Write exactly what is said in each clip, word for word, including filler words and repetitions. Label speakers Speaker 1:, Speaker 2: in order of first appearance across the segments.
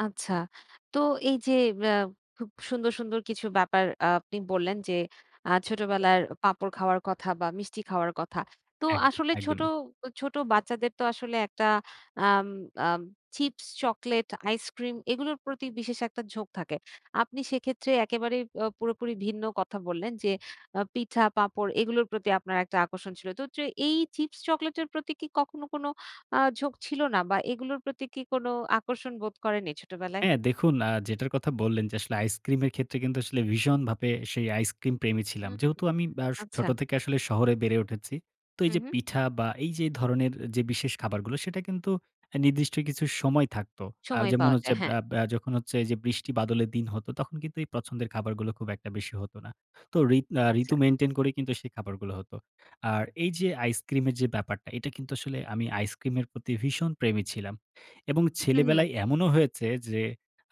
Speaker 1: আচ্ছা, তো এই যে আ খুব সুন্দর, সুন্দর কিছু ব্যাপার আ আপনি বললেন যে আ ছোটবেলায় পাঁপড় খাওয়ার কথা, বা মিষ্টি খাওয়ার কথা। তো
Speaker 2: একদম,
Speaker 1: আসলে ছোট,
Speaker 2: একদমই।
Speaker 1: ছোট বাচ্চাদের তো আসলে একটা আম আ চিপস, চকলেট, আইসক্রিম এগুলোর প্রতি বিশেষ একটা ঝোঁক থাকে। আপনি সেক্ষেত্রে একেবারে আ পুরোপুরি ভিন্ন কথা বললেন যে, আ পিঠা, পাঁপড় এগুলোর প্রতি আপনার একটা আকর্ষণ ছিল। তো হচ্ছে এই চিপস চকলেটের প্রতি কি কখনো কোন আ ঝোঁক ছিল না? বা এগুলোর প্রতি কি কোন আকর্ষণ বোধ করেনি, ছোটবেলায়?
Speaker 2: হ্যাঁ, দেখুন, আ যেটার কথা বললেন, যে আসলে আইসক্রিমের ক্ষেত্রে কিন্তু আসলে ভীষণভাপে সেই আইসক্রিম প্রেমী ছিলাম।
Speaker 1: হুম,
Speaker 2: যেহেতু আমি বআ
Speaker 1: আচ্ছা।
Speaker 2: ছোট থেকে আসলে শহরে বেড়ে উঠেছি। তো এই
Speaker 1: হুম,
Speaker 2: যে
Speaker 1: হুম।
Speaker 2: পিঠা বা এই যে ধরনের যে বিশেষ খাবারগুলো, সেটা কিন্তু আ নির্দিষ্ট কিছু সময় থাকত। আ
Speaker 1: সময়
Speaker 2: যেমন
Speaker 1: পাওয়া
Speaker 2: হচ্ছে
Speaker 1: যায়, হ্যাঁ।
Speaker 2: বা বআ যখন হচ্ছে এই যে বৃষ্টি বাদলের দিন হতো, তখন কিন্তু এই পছন্দের খাবারগুলো খুব একটা বেশি হত না। তো ঋত আ
Speaker 1: আচ্ছা।
Speaker 2: ঋতু মেইনটেইন করে কিন্তু সেই খাবারগুলো হতো। আর এই যে আইসক্রিমের যে ব্যাপারটা, এটা কিন্তু আসলে আমি আইসক্রিমের প্রতি ভীষণ প্রেমী ছিলাম, এবং
Speaker 1: হুম, হুম।
Speaker 2: ছেলেবেলায় এমনও হয়েছে যে,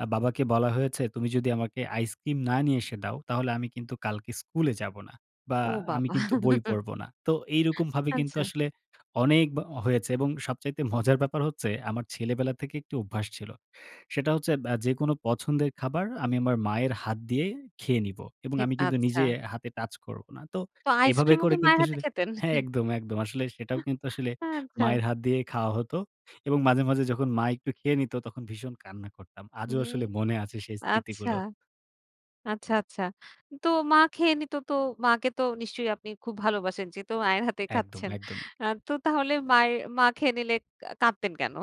Speaker 2: আ বাবাকে বলা হয়েছে, "তুমি যদি আমাকে আইসক্রিম না নিয়ে এসে দাও, তাহলে আমি কিন্তু কালকে স্কুলে যাব না।" বা,
Speaker 1: ও
Speaker 2: "আমি
Speaker 1: বাবা!
Speaker 2: কিন্তু বই পড়ব না।" তো এইরকমভাবে কিন্তু
Speaker 1: আচ্ছা।
Speaker 2: আসলে অনেক ব হয়েছে, এবং সবচাইতে মজার ব্যাপার হচ্ছে, আমার ছেলেবেলা থেকে একটি অভ্যাস ছিল। সেটা হচ্ছে বআ যেকোনো পছন্দের খাবার আমি আমার মায়ের হাত দিয়ে খেয়ে নিবো, এবং
Speaker 1: খেত
Speaker 2: আমি কিন্তু
Speaker 1: আচ্ছা।
Speaker 2: নিজে হাতে টাচ করবো না। তো
Speaker 1: তো
Speaker 2: এভাবে
Speaker 1: আইসক্রিমও কি
Speaker 2: করে কিন্তু
Speaker 1: মায়ের হাতে
Speaker 2: আসলে
Speaker 1: খেতেন?
Speaker 2: হ্যাঁ, একদম, একদম আসলে সেটাও কিন্তু আসলে
Speaker 1: আচ্ছা।
Speaker 2: মায়ের হাত দিয়ে খাওয়া হত, এবং মাঝে, মাঝে যখন মা একটু খেয়ে নিত, তখন ভীষণ কান্না করতাম, আজও
Speaker 1: হুম,
Speaker 2: আসলে মনে আছে সেই
Speaker 1: আচ্ছা,
Speaker 2: স্মৃতিগুলো।
Speaker 1: আচ্ছা, আচ্ছা। তো মা খেয়ে নিত, তো মাকে তো নিশ্চয়ই আপনি খুব ভালোবাসেন? যেহেতু মায়ের হাতে
Speaker 2: একদম,
Speaker 1: খাচ্ছেন
Speaker 2: একদমই।
Speaker 1: আ তো তাহলে মায়ের মা খেয়ে নিলে কা কাঁদতেন কেন?